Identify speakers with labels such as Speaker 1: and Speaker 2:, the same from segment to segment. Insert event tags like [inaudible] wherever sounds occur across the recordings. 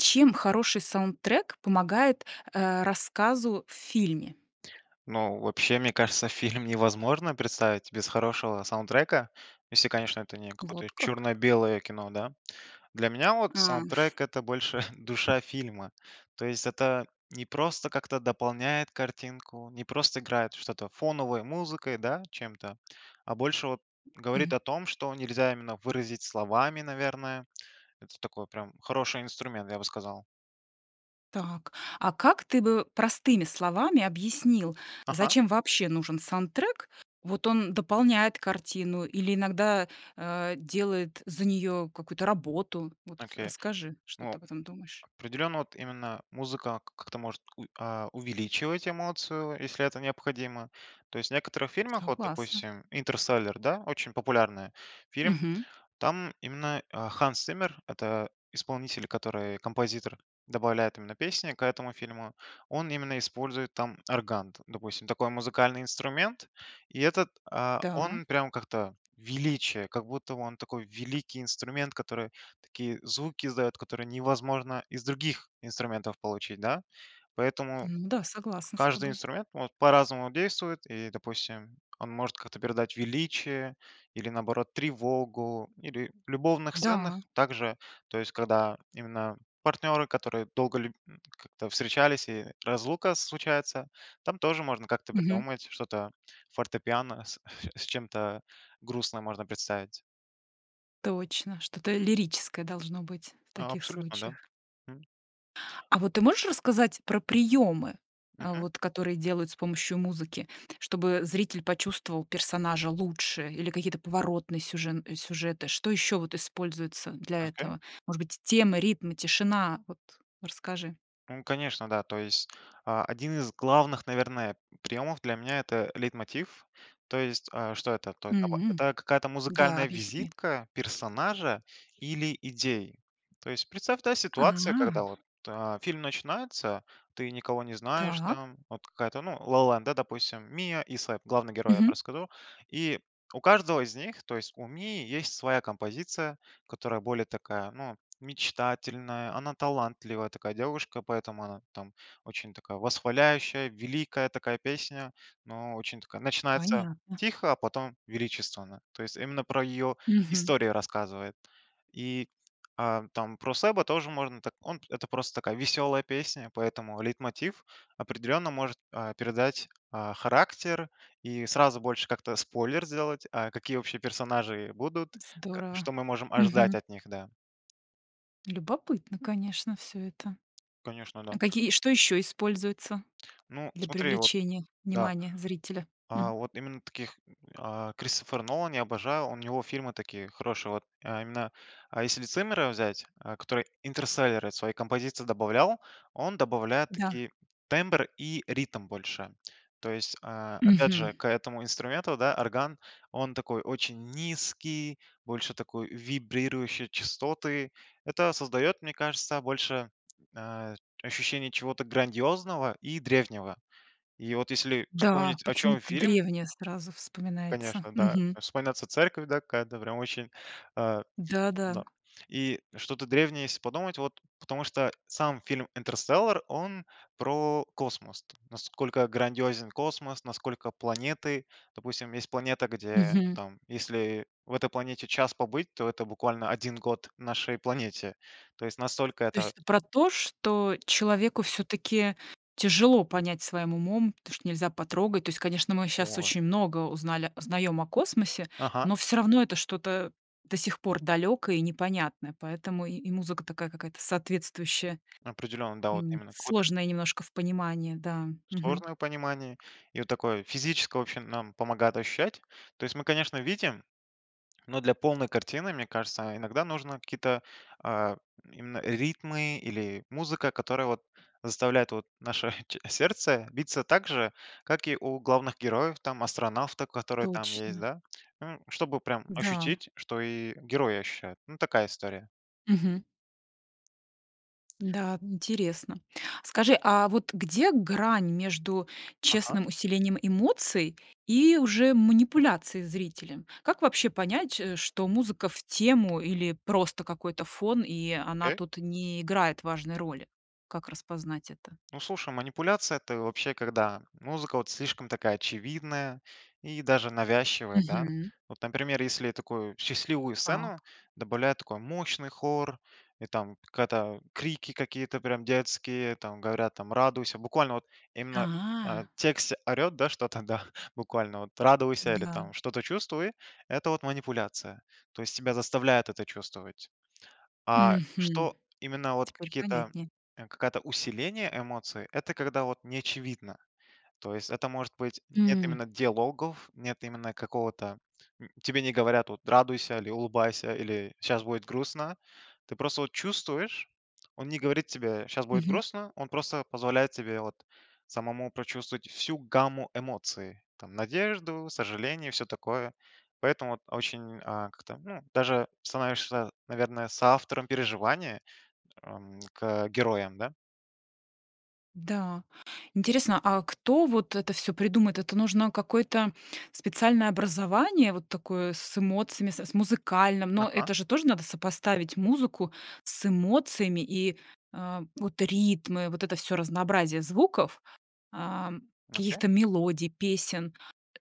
Speaker 1: Чем хороший саундтрек помогает, э, рассказу в фильме?
Speaker 2: Ну вообще, мне кажется фильм невозможно представить без хорошего саундтрека, если, конечно, это не какое-то
Speaker 1: Вот как?
Speaker 2: черно-белое кино, да. Для меня вот
Speaker 1: А.
Speaker 2: саундтрек-
Speaker 1: [chuckles]
Speaker 2: это больше [chuckles] душа фильма, то есть это не просто как-то дополняет картинку, не просто играет в что-то фоновой музыкой, да, чем-то, а больше вот
Speaker 1: М,
Speaker 2: говорит о
Speaker 1: м.
Speaker 2: том, что нельзя именно выразить словами, наверное. Это такой прям хороший инструмент, я бы сказал.
Speaker 1: Так, а как ты бы простыми словами объяснил,
Speaker 2: Ага.
Speaker 1: зачем вообще нужен саундтрек? Вот он дополняет картину, или иногда, а, делает за неё какую-то работу? Вот
Speaker 2: Окей.
Speaker 1: расскажи, что
Speaker 2: Ну,
Speaker 1: ты об этом думаешь.
Speaker 2: определенно вот именно музыка как-то может у й а, увеличивать эмоцию, если это необходимо. То есть в некоторых фильмах, вот
Speaker 1: Согласна.
Speaker 2: допустим "Интерстеллар" да, очень популярный фильм,
Speaker 1: Мгм.
Speaker 2: там именно, а, Ханс Циммер- это исполнитель, который композитор, добавляет именно песни к этому фильму, он именно использует там орган, д допустим, такой музыкальный инструмент и этот, а,
Speaker 1: Да.
Speaker 2: он прям как-то, величие, как будто он такой великий инструмент, который такие звуки издает, которые невозможно из других инструментов получить, да. Поэтому
Speaker 1: М-да, согласна с
Speaker 2: каждый
Speaker 1: тобой.
Speaker 2: инструмент, ну, вот по-разному действует, и допустим, он может как-то передать величие, или наоборот тревогу, или в любовных
Speaker 1: Да.
Speaker 2: сценах также, то есть когда именно партнеры, которые долго лю как-то встречались и разлука случается, там тоже можно как-то
Speaker 1: Мгм.
Speaker 2: придумать что-то фортепиано с [chuckles] с чем-то грустным можно представить.
Speaker 1: Точно, что-то лирическое должно быть в
Speaker 2: А
Speaker 1: таких
Speaker 2: абсолютно да.
Speaker 1: случаях.
Speaker 2: М.
Speaker 1: А вот ты можешь рассказать про приемы, э,
Speaker 2: Мгм.
Speaker 1: вот которые делают с помощью музыки, чтобы зритель почувствовал персонажа лучше, или какие-то поворотные сюжен сюжеты? Что еще вот используется для
Speaker 2: Окей.
Speaker 1: этого? Может быть, темы, ритмы, тишина? Вот расскажи.
Speaker 2: М, конечно, да, то есть, а, один из главных, наверное, приемов для меня- это лейтмотив, то есть, а, что это? То эт аба
Speaker 1: М,
Speaker 2: Это какая-то
Speaker 1: да,
Speaker 2: музыкальная
Speaker 1: объясни.
Speaker 2: визитка персонажа, или идеи. То есть представь, да, ситуация,
Speaker 1: А.
Speaker 2: когда вот, а, фильм начинается, ты никого не знаешь
Speaker 1: Так.
Speaker 2: там, вот какая-то, ну, "Ла-Ла Ленд", да, допустим, Миа и Сэб, главный герой, я б
Speaker 1: Мгм.
Speaker 2: расскажу. И у каждого из них, то есть у Мии есть своя композиция, которая более такая, ну, мечтательная, она талантливая такая девушка, поэтому она там очень такая восхваляющая, великая такая песня, но очень такая: начинается
Speaker 1: Понятно.
Speaker 2: тихо, а потом величественно. То есть именно про ее
Speaker 1: Мгм.
Speaker 2: истории рассказывает. И, а, там про Сэба тоже можно так. Он п это просто такая веселая песня, и поэтому лейтмотив определенно может, а, передать, а, характер и сразу больше как-то спойлер сделать, а, какие, вообще, персонажи будут, ка
Speaker 1: Здорово!
Speaker 2: что мы можем ожидать
Speaker 1: Мгм.
Speaker 2: от них, да.
Speaker 1: Любопытно, конечно, всё это.
Speaker 2: Конечно,
Speaker 1: А
Speaker 2: да.
Speaker 1: какие что ещё используется
Speaker 2: Ну,
Speaker 1: для
Speaker 2: смотри, вот,
Speaker 1: привлечения
Speaker 2: да,
Speaker 1: внимания зрителя,
Speaker 2: а,
Speaker 1: м?
Speaker 2: вот именно таких, а, Кристофер Нолан я обожаю. У него фильмы такие хорошие, вот, а, именно, а если Циммера взять, а, который Интерселлера свои композиции добавлял, он добавляет
Speaker 1: Да.
Speaker 2: такие тембр и ритм больше. То есть, а, опять
Speaker 1: Мгм.
Speaker 2: же к этому инструменту, да, орган, он такой очень низкий, больше такой вибрирующий частоты. Это создаёт, мне кажется, больше, а, ощущение чего-то грандиозного и древнего. И вот если
Speaker 1: Да,
Speaker 2: вспомнить, о чём
Speaker 1: почему-то
Speaker 2: фильм
Speaker 1: древнее сразу вспоминается,
Speaker 2: Конечно, да.
Speaker 1: мгм.
Speaker 2: Вспоминается церковь, да какая-то прям очень, а,
Speaker 1: Да, да.
Speaker 2: да, и что-то древнее, если подумать. Вот, потому что сам фильм "Интерстеллар", он про космос, т насколько грандиозен космос, насколько планеты, допустим, есть планета, где
Speaker 1: Мгм.
Speaker 2: там, если в этой планете час побыть, то это буквально 1 год нашей планете, то есть настолько
Speaker 1: То есть
Speaker 2: это
Speaker 1: эт про то, что
Speaker 2: Хм.
Speaker 1: человеку всё-таки тяжело понять своим умом то, что нельзя потрогать. То есть, конечно, мы щас
Speaker 2: О.
Speaker 1: очень много узнали узнаём о космосе,
Speaker 2: Ага.
Speaker 1: но всё равно это что-то до сих пор далёкое и непонятное, поэтому и и музыка такая какая-то соответствующая,
Speaker 2: Определенно да, вот
Speaker 1: м,
Speaker 2: именно какое-то.
Speaker 1: сложная немножко в понимании, да, мгм.
Speaker 2: Сложное понимании, и вот такое физическое, в общем, нам помогает ощущать. То есть мы, конечно, видим, но для полной картины, мне кажется, иногда нужно какие-то, а, м, именно ритмы или музыка. Которая вот заставляет вот наше ч сердце биться так же, как и у главных героев, там, астронавтов, которые там есть,
Speaker 1: Точно.
Speaker 2: да. М, чтобы прям
Speaker 1: Да.
Speaker 2: ощутить, что и герои ощущают. Ну, такая история.
Speaker 1: Мгм. Да н интересно. Скажи, а вот где грань между
Speaker 2: Ага.
Speaker 1: честным усилением эмоций, и уже манипуляцией зрителем? Как вообще понять, э, что музыка в тему, или просто какой-то фон, и она
Speaker 2: Окей.
Speaker 1: тут не играет важной роли? Как распознать это?
Speaker 2: Ну слушай, манипуляция- это, вообще, когда музыка, вот, слишком такая очевидная, и даже навязчивая, да.
Speaker 1: Мгм.
Speaker 2: Вот, например, если такую счастливую
Speaker 1: Так.
Speaker 2: сцену добавляют такой мощный хор, и там, когда крики какие-то прям детские, там, говорят, там: радуйся. Буквально, вот, именно,
Speaker 1: А!
Speaker 2: а, текстe орёт, да, что-то, да, буквально, вот, радуйся или, там,
Speaker 1: Да.
Speaker 2: что-то чувствуй, это вот манипуляция. То есть тебя заставляют это чувствовать. А,
Speaker 1: Мгм.
Speaker 2: что именно, вот,
Speaker 1: Теперь
Speaker 2: какие-то,
Speaker 1: понятнее.
Speaker 2: а, какая-то усиление эмоции- это когда, вот, не очевидно. То есть это может быть, м, нет
Speaker 1: М.
Speaker 2: именно диалогов, нет именно какого-то, м, тебе не говорят, вот: радуйся, или улыбайся, или щас будет грустно, ты просто, вот, чувствуешь. Он не говорит тебе: щас будет
Speaker 1: Мгм.
Speaker 2: грустно, он просто позволяет тебе, вот, самому прочувствовать всю гамму эмоций, там, надежду, сожаление, и всё такое. Поэтому, вот, очень, а, как-то ну даже становишься, наверное, соавтором переживания, ам, к, э, героям, да?
Speaker 1: Да. Интересно, а кто вот это всё придумает? Это нужно какое-то специальное образование, вот такое с эмоциями, со с музыкальным, но
Speaker 2: Ага.
Speaker 1: это же тоже надо сопоставить музыку с эмоциями и, а, вот ритмы, вот это всё разнообразие звуков, ам,
Speaker 2: Окей.
Speaker 1: каких-то мелодий, песен,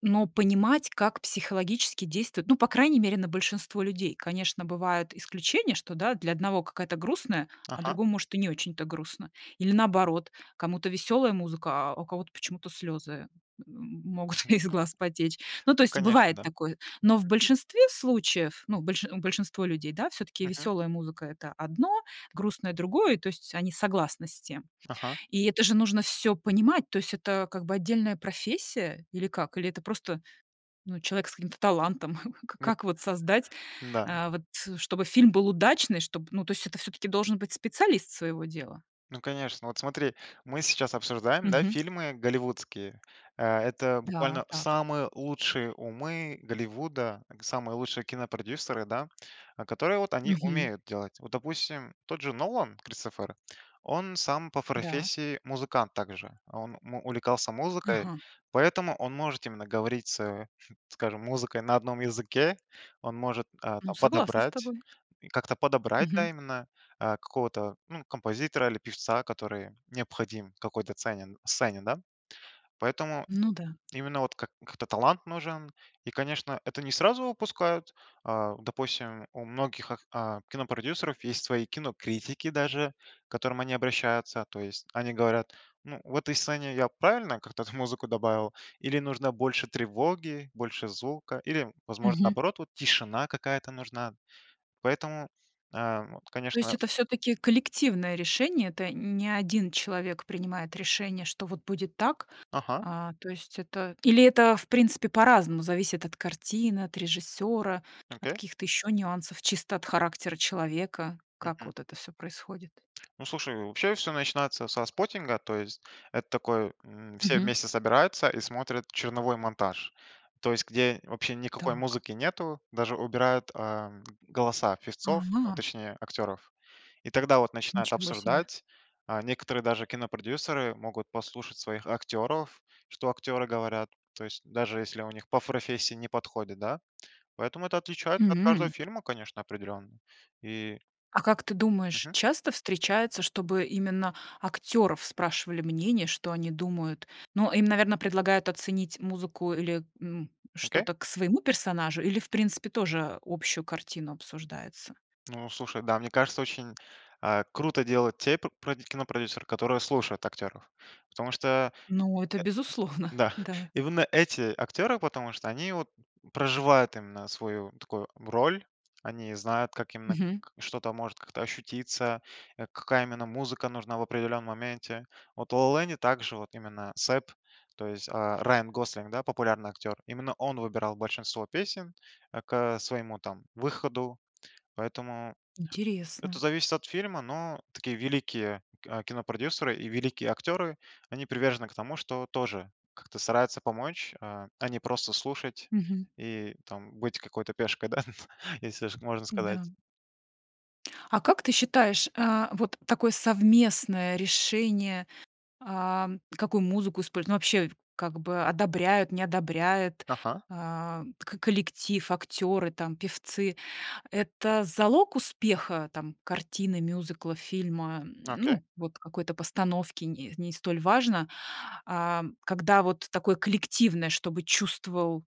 Speaker 1: но понимать, как психологически действует, ну, по крайней мере, на большинство людей. Конечно, бывают исключения, что, да, для одного какая-то грустная, а
Speaker 2: Ага.
Speaker 1: другому, может, и не очень-то грустно. Или, наоборот, кому-то веселая музыка, а у кого-то почему-то слезы, м, могут из глаз потечь. Ну, то
Speaker 2: Ну
Speaker 1: есть
Speaker 2: конечно,
Speaker 1: бывает
Speaker 2: да.
Speaker 1: такое. Но в большинстве случаев, ну, больш у большинство людей, да, всё-таки
Speaker 2: Мгм.
Speaker 1: веселая музыка- это одно, грустное- другое, то есть они согласны с тем.
Speaker 2: Ага.
Speaker 1: И это же нужно всё понимать, то есть это как бы отдельная профессия или как? Или это просто, ну, человек с каким-то талантом, [chuckles] к
Speaker 2: Ну, п
Speaker 1: как вот создать,
Speaker 2: н-да.
Speaker 1: а, вот чтобы фильм был удачный, чтоб, ну, то есть это всё-таки должен быть специалист своего дела.
Speaker 2: Ну, конечно, вот смотри: мы сейчас обсуждаем, да,
Speaker 1: Мгм.
Speaker 2: фильмы голливудские, э, это
Speaker 1: Да,
Speaker 2: буквально
Speaker 1: так.
Speaker 2: самые лучшие умы Голливуда, к самые лучшие кинопродюсеры, да, а которые, вот, они
Speaker 1: Мгм.
Speaker 2: умеют делать. Вот, допустим, тот же Нолан Кристофер, он сам по
Speaker 1: Да.
Speaker 2: профессии музыкант также, он, м, увлекался музыкой,
Speaker 1: Ага.
Speaker 2: поэтому он может именно говорить с, [chuckles] скажем, музыкой на одном языке, он может, а,
Speaker 1: Ну,
Speaker 2: то
Speaker 1: согласна с
Speaker 2: подобрать,
Speaker 1: тобой.
Speaker 2: как-то подобрать, да,
Speaker 1: Мгм.
Speaker 2: именно, а, какого-то, ну, композитора или певца, который необходим какой-то ценен сцене, да, поэтому
Speaker 1: Ну да.
Speaker 2: именно вот как как-то талант нужен. И, конечно, это не сразу выпускают. А, допустим, у многих ак а, кинопродюсеров есть свои кинокритики даже, к которым они обращаются, то есть они говорят: "Ну, в этой сцене я правильно как-то там музыку добавил или нужно больше тревоги, больше звука или, возможно,
Speaker 1: Мгм.
Speaker 2: наоборот, вот тишина какая-то нужна". Поэтому, а, вот,
Speaker 1: То есть
Speaker 2: конечно
Speaker 1: это всё-таки коллективное решение, это не один человек принимает решение, что вот будет так,
Speaker 2: Ага.
Speaker 1: а, то есть это или это, в принципе, по-разному зависит от картины, от режиссера, от
Speaker 2: Окей.
Speaker 1: каких-то еще нюансов, чисто от характера человека, как
Speaker 2: Мгм.
Speaker 1: вот это всё происходит?
Speaker 2: Ну слушай, вообще всё начинается со споттинга, то есть это такой, м, все
Speaker 1: Мгм.
Speaker 2: вместе собираются и смотрят черновой монтаж, то есть где вообще никакой
Speaker 1: Так.
Speaker 2: музыки нету, даже убирают а, м голоса певцов, ой,
Speaker 1: Ага.
Speaker 2: точнее актеров. И тогда вот начинают
Speaker 1: Ничего себе.
Speaker 2: обсуждать. А некоторые даже кинопродюсеры могут послушать своих актеров, что актеры говорят. То есть даже если у них по профессии не подходит, да. Поэтому это отличается от каждого
Speaker 1: М.
Speaker 2: фильма, конечно, определенно, и
Speaker 1: А как ты думаешь,
Speaker 2: Мгм.
Speaker 1: часто встречается, чтобы именно актеров спрашивали мнение, что они думают? Но, им, наверно, предлагают оценить музыку или, м,
Speaker 2: Окей.
Speaker 1: что-то к своему персонажу, или в принципе тоже общую картину обсуждается?
Speaker 2: Ну, слушай, да, мне кажется, очень а круто делают те п про кинопродюсеры, которые слушают актеров. Потому что, э,
Speaker 1: Ну, это, безусловно,
Speaker 2: да,
Speaker 1: да.
Speaker 2: именно эти актеры, потому что они вот проживают именно свою такую роль, они знают, как именно
Speaker 1: Мгм.
Speaker 2: к что-то может как-то ощутиться, э, какая именно музыка нужна в определенном моменте. Вот в "Ла-Ла Ленде" также вот именно Сэб, то есть, а, Райан Гослинг, да, популярный актер, именно он выбирал большинство песен, э, к, своему там выходу, поэтому это
Speaker 1: Интересно.
Speaker 2: зависит от фильма, но такие великие к кинопродюсеры и великие актеры, они привержены к тому, что тоже как-то стараются помочь, а, а не просто слушать
Speaker 1: Мгм.
Speaker 2: и там быть какой-то пешкой, да, [chuckles] н если ж так можно сказать.
Speaker 1: М-да. А как ты считаешь а, вот такое совместное решение, ам, какую музыку используют, ну вообще, как бы, одобряют, не одобряют,
Speaker 2: Ага.
Speaker 1: э, к коллектив, актеры там, певцы- это залог успеха там картины, мюзикла, фильма,
Speaker 2: Окей.
Speaker 1: ну вот какой-то постановки, не не столь важно, а когда вот такое коллективное, чтобы чувствовал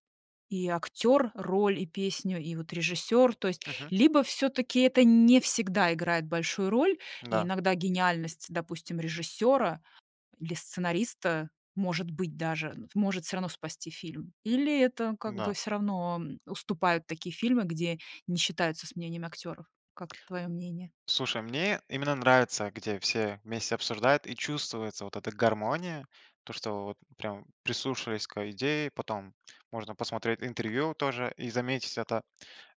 Speaker 1: и актер, роль, и песню, и вот режиссер. То есть
Speaker 2: Мгм.
Speaker 1: либо все-таки это не всегда играет большую роль, и
Speaker 2: Да.
Speaker 1: иногда гениальность, допустим, режиссера, или сценариста может быть даже, может всё равно спасти фильм? Или это как бы
Speaker 2: Да.
Speaker 1: всё равно, м, уступают такие фильмы, где не считаются с мнением актеров? Как твое мнение?
Speaker 2: Слушай, мне именно нравится, где все вместе обсуждают, и чувствуется вот эта гармония, то что вот прям прислушаясь к а, идее, потом можно посмотреть интервью тоже и заметить это.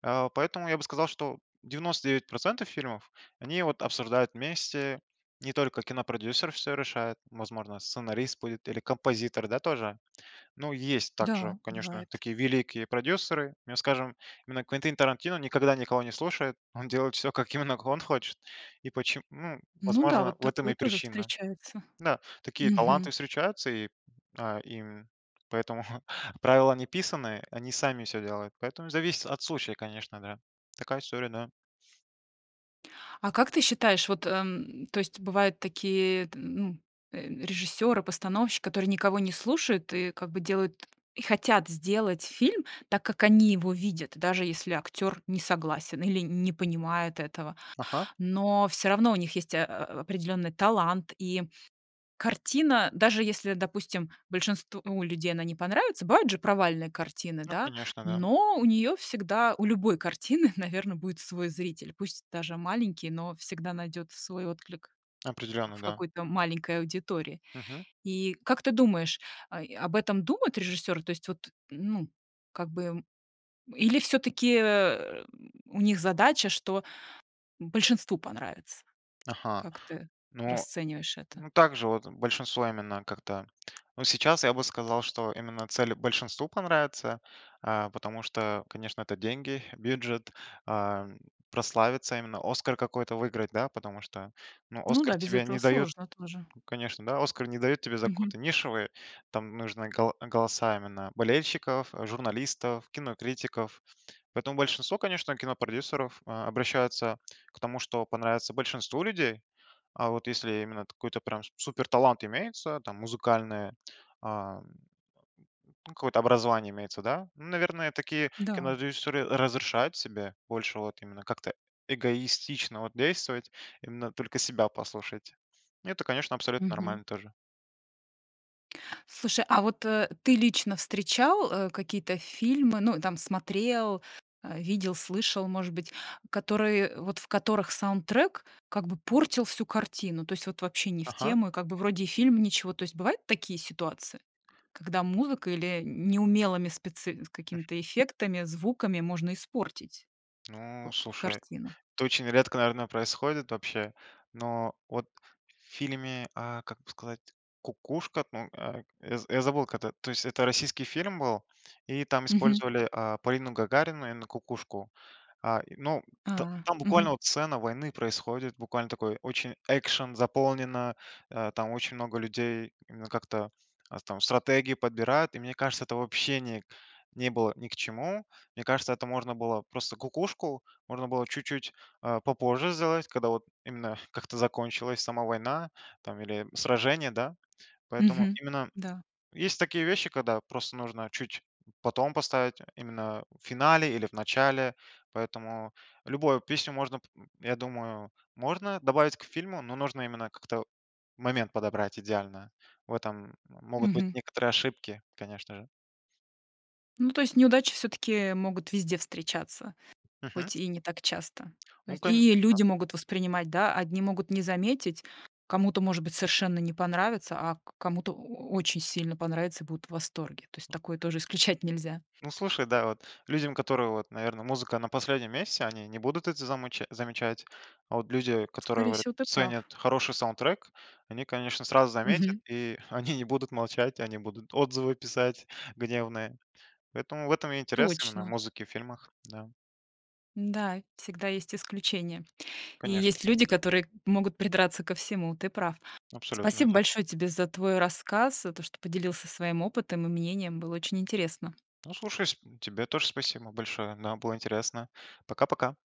Speaker 2: Э, поэтому я бы сказал что 99 % фильмов они вот обсуждают вместе, не только кинопродюсер всё решает, возможно сценарист будет, или композитор, да, тоже. Ну есть также,
Speaker 1: Да,
Speaker 2: конечно,
Speaker 1: бывает.
Speaker 2: такие великие продюсеры, мь скажем, именно Квентин Тарантино никогда никого не слушает, он делает всё как именно к он хочет, и почему ну
Speaker 1: Ну да,
Speaker 2: возможно,
Speaker 1: вот
Speaker 2: в этом и
Speaker 1: такое тоже
Speaker 2: причина.
Speaker 1: встречается.
Speaker 2: Да, такие таланты
Speaker 1: Мгм.
Speaker 2: встречаются и, а, им, поэтому [chuckles] правила не писаны, они сами всё делают. Поэтому зависит от случая, конечно, да. Такая история, да.
Speaker 1: А как ты считаешь, вот, эм, то есть бывают такие т ну, э, режиссёры, постановщики, которые никого не слушают и как бы делают и хотят сделать фильм так, как они его видят, даже если актёр не согласен или не понимает этого.
Speaker 2: Ага.
Speaker 1: Но всё равно у них есть, э э, определённый талант и картина, даже если, допустим, большинству людей она не понравится, бывают же провальные картины,
Speaker 2: Ну,
Speaker 1: да?
Speaker 2: конечно, да.
Speaker 1: Но у неё всегда, у любой картины, наверно, будет свой зритель, пусть даже маленький, но всегда найдёт свой отклик
Speaker 2: Определённо,
Speaker 1: в
Speaker 2: да.
Speaker 1: какой-то маленькой аудитории.
Speaker 2: Мгм.
Speaker 1: И как ты думаешь, а, и об этом думают режиссёры, то есть вот, ну, как бы или всё-таки [grunts] у них задача, что большинству понравиться?
Speaker 2: Ага.
Speaker 1: Как ты
Speaker 2: Ну,
Speaker 1: расцениваешь это?
Speaker 2: ну также, вот, большинство именно как-то, ну, сейчас я бы сказал, что именно цели большинству понравиться, э, потому что, э, конечно, это деньги, бюджет э, прославиться именно, "Оскар" какой-то выиграть, да? Потому что, ну,
Speaker 1: Ну
Speaker 2: "Оскар"
Speaker 1: да, без
Speaker 2: тебе
Speaker 1: этого
Speaker 2: не дают
Speaker 1: сложно тоже.
Speaker 2: конечно, да, "Оскар" не дают тебе за
Speaker 1: Мгм.
Speaker 2: какую-то нишевую, там нужны го голоса именно болельщиков, журналистов, кинокритиков. Поэтому большинство, конечно, кинопродюсеров, э, обращаются к тому, что понравится большинству людей. А вот если именно какой-то прям супер талант имеется, там, музыкальное, а, ну, какое-то образование имеется, да, ну, наверное, такие
Speaker 1: Да.
Speaker 2: кинорежиссёры разрешают себе больше вот именно как-то эгоистично вот действовать, именно только себя послушать. Это, конечно, абсолютно
Speaker 1: Мгм.
Speaker 2: нормально тоже.
Speaker 1: Слушай, а вот, э, ты лично встречал, э, какие-то фильмы, ну, там смотрел, э, видел, слышал, может быть, которые вот, в которых саундтрек как бы портил всю картину? То есть вот вообще не в
Speaker 2: Ага.
Speaker 1: тему, и как бы вроде и фильм ничего, то есть бывают такие ситуации, когда музыкой или неумелыми спецэ
Speaker 2: Мгм.
Speaker 1: какими-то эффектами, звуками можно испортить
Speaker 2: Ну,
Speaker 1: ка
Speaker 2: слушай,
Speaker 1: картину.
Speaker 2: это очень редко, наверно, происходит вообще, но вот в фильме, а, как бы сказать, "Кукушка" ну, э, я я забыл как-то, то есть это российский фильм был, и там
Speaker 1: Мгм.
Speaker 2: использовали, а, Полину Гагарину, именно "Кукушку". А, и ну, та
Speaker 1: А,
Speaker 2: там
Speaker 1: мгм.
Speaker 2: буквально вот сцена войны происходит, буквально такой очень экшен заполнена, а, там очень много людей именно как-то, а, там стратегию подбирают, и, мне кажется, это вообще не к не было ни к чему. Мне кажется, это можно было просто "Кукушку" можно было чуть-чуть, а, попозже сделать, когда вот именно как-то закончилась сама война там или сражение, да. Поэтому
Speaker 1: Мгм.
Speaker 2: именно
Speaker 1: Да.
Speaker 2: есть такие вещи, когда просто нужно чуть потом поставить, именно в финале или в начале. Поэтому любое песню можно, п я думаю, можно добавить к фильму, но нужно именно как-то момент подобрать идеально. В этом, могут быть
Speaker 1: Мгм.
Speaker 2: некоторые ошибки, конечно же.
Speaker 1: Ну, то есть неудачи всё-таки могут везде встречаться,
Speaker 2: Мгм.
Speaker 1: хоть и не так часто. То
Speaker 2: Ну,
Speaker 1: есть
Speaker 2: кон
Speaker 1: и
Speaker 2: да.
Speaker 1: люди могут воспринимать, да, одни могут не заметить, кому-то может быть совершенно не понравится, а к кому-то о очень сильно понравиться, и будут в восторге. То есть такое тоже исключать нельзя.
Speaker 2: Ну, слушай, да, вот людям, которые, вот, наверно, музыка на последнем месте, они не будут это замыч замечать. А вот люди, которые,
Speaker 1: Скорее
Speaker 2: говорят,
Speaker 1: всего, ты прав.
Speaker 2: ценят хороший саундтрек, они, конечно, сразу заметят,
Speaker 1: Мгм.
Speaker 2: и они не будут молчать, они будут отзывы писать гневные. Поэтому в этом и интерес именно
Speaker 1: Точно.
Speaker 2: музыки в фильмах, да.
Speaker 1: Да, всегда есть исключения и
Speaker 2: Конечно.
Speaker 1: есть люди, которые могут придраться ко всему, ты прав!
Speaker 2: Абсолютно
Speaker 1: Спасибо
Speaker 2: да.
Speaker 1: большое тебе за твой рассказ, за то, что поделился своим опытом и мнением, было очень интересно!
Speaker 2: Ну, слушаюсь тебе тоже спасибо большое, да, было интересно, пока-пока.